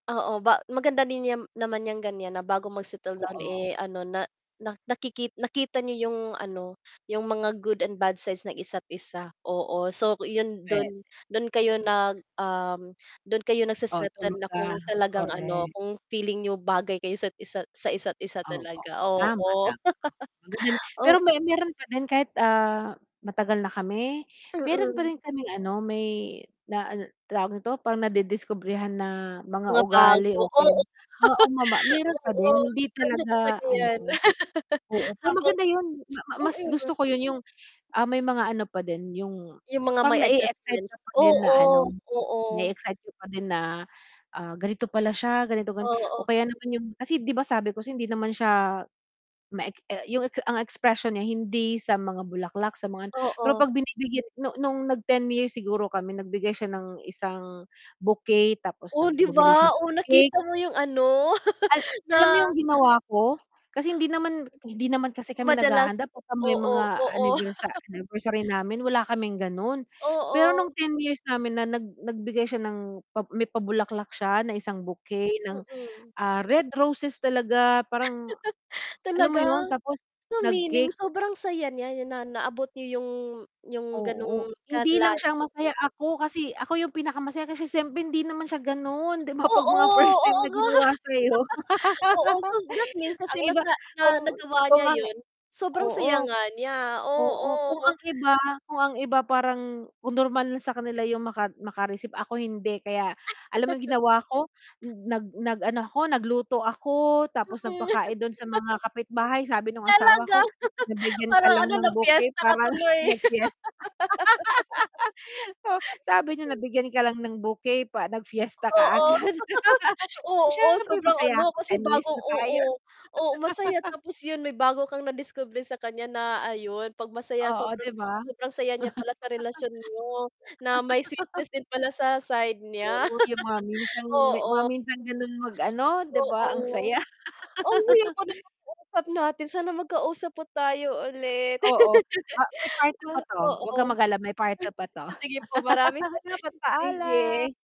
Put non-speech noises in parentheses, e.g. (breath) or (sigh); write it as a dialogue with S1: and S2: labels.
S1: Oo, ba maganda din 'yan naman niyang ganiyan na bago mag-settle down,
S2: Oo.
S1: eh, ano na na nakiki nakita niyo 'yung ano, 'yung mga good and bad sides ng isa't isa. Oo, so 'yun
S2: Puwe
S1: do'n, do'n kayo nag um, do'n kayo
S2: Oo,
S1: nagsesettle na kung
S2: (unintelligible)
S1: talagang ano,
S2: korek.
S1: kung feeling niyo bagay kayo 'sa't isa sa isa't isa
S2: Opo.
S1: talaga,
S2: Tama,
S1: oo.
S2: tama, oh ang ganda no'n.
S1: (laughs)
S2: Pero may
S1: Oo.
S2: mayro'n pa din kahit, ah, matagal na kami, mayro'n pa
S1: Mm.
S2: rin kaming ano may na an tawag nito parang nadidiskubrehan na mga
S1: Mga
S2: ugali.
S1: bago, oo.
S2: (unintelligible) Oo ma ma mayro'n
S1: (chuckles)
S2: pa
S1: Oo,
S2: din hindi
S1: nandiyan
S2: talaga
S1: talaga 'yan.
S2: ano,
S1: (laughs)
S2: oo. Pero
S1: Habang
S2: maganda 'yun ma ma mas gusto
S1: mm.
S2: ko 'yun 'yung, ah, may mga ano pa din 'yung
S1: 'Yung mga
S2: pang
S1: may
S2: na-e-excite ka
S1: adjustments,
S2: pa din na
S1: oo,
S2: ano
S1: oo.
S2: na-e-excite ka pa din na, ah, ganito pala siya ganito gan o
S1: Oo.
S2: kaya naman 'yung kasi 'di ba sabi ko hindi naman siya ma e 'yung ang expression niya hindi sa mga bulaklak, sa mga ano, pero
S1: Oo.
S2: 'pag binibigyan nung nung nag 10 years siguro kami nagbigay siya ng isang bouquet tapos
S1: Oh,
S2: nag
S1: 'di
S2: bumili
S1: ba
S2: siya
S1: o
S2: ng cake.
S1: nakita mo 'yung ano?
S2: Al
S1: (laughs)
S2: alam mo
S1: Na
S2: 'yung ginawa ko kasi hindi naman hindi naman kasi kami
S1: madalas
S2: naghahanda 'pagka may
S1: oo,
S2: mga
S1: oo.
S2: anniversa
S1: (laughs)
S2: anniversary namin wala kaming gano'n. Pero
S1: Oo.
S2: nung 10 years namin na nag nagbigay siya ng pa may pabulaklak siya ng isang bouquet ng,
S1: Mm.
S2: ah, red roses talaga parang,
S1: (laughs)
S2: alam mo
S1: Talaga?
S2: 'yun. Tapos,
S1: So meaning,
S2: nag-cake.
S1: sobrang saya niya na naabot niyo 'yung 'yung
S2: Oo,
S1: gano'ng
S2: hindi
S1: kalay
S2: lang siya ang masaya,
S1: (unintelligible)
S2: ako kasi ako 'yung pinakamasaya kasi siyempre hindi naman siya gano'n, 'di ba 'pag
S1: Oo,
S2: mga first time
S1: oo
S2: na
S1: nga.
S2: ginawa
S1: (laughs)
S2: sa'yo.
S1: Oo, so
S2: (laughs)
S1: that means
S2: Ang
S1: kasi
S2: iba
S1: nasa ah,
S2: kung
S1: nagawa
S2: kung
S1: niya
S2: ang
S1: 'yun, sobrang
S2: oo.
S1: saya nga niya,
S2: Oo kung
S1: oo.
S2: ang iba kung ang iba parang kung normal na sa kanila 'yung maka makareceive, ako hindi kaya alam mo 'yung
S1: (laughs)
S2: ginawa ko, nag nag ano ako, nagluto ako, tapos
S1: Mm.
S2: nagpakain do'n sa mga
S1: (laughs)
S2: kapitbahay, sabi nung asawa
S1: Talaga?
S2: ko,
S1: (laughs)
S2: "Nabigyan ka
S1: Parang
S2: lang
S1: ano,
S2: ng bouquet
S1: nag-piyesta ka
S2: para nang
S1: tuloy. (laughs)
S2: nag piyesta." (laughs) O sabi niya,
S1: Okey.
S2: "Nabigyan ka lang ng bouquet pa nag piyesta
S1: Oo.
S2: kaagad." (laughs)
S1: (laughs)
S2: "Eh,
S1: Oo,
S2: siyempre
S1: sobrang
S2: masaya
S1: ano
S2: ako
S1: kasi
S2: 10 years
S1: bago
S2: na tayo."
S1: oo, oo masaya
S2: (laughs)
S1: tapos 'yun may bago kang nadiskubre sa kanya na ayon, 'pag masaya
S2: Oo,
S1: sobrang
S2: 'di ba?
S1: sobrang saya niya pala sa relasyon niyo, na may sweetness
S2: (laughs)
S1: din pala sa side niya.
S2: Oo, 'yang mga
S1: (laughs)
S2: minsang me mga
S1: Oo.
S2: minsan gano'n mag-ano, 'di ba ang
S1: Oo,
S2: saya.
S1: (breath) ang saya po ng
S2: (laughs)
S1: pag-uusap natin sana magkausap po tayo ulit.
S2: Oo, ah, may part
S1: (laughs)
S2: 2 pa
S1: Wa
S2: 'to, 'wag kang
S1: oo.
S2: mag-alala may part 2 pa 'to.
S1: (chuckles) Sige po maraming salamat,
S2: (laughs)
S1: paalam.
S2: Sige.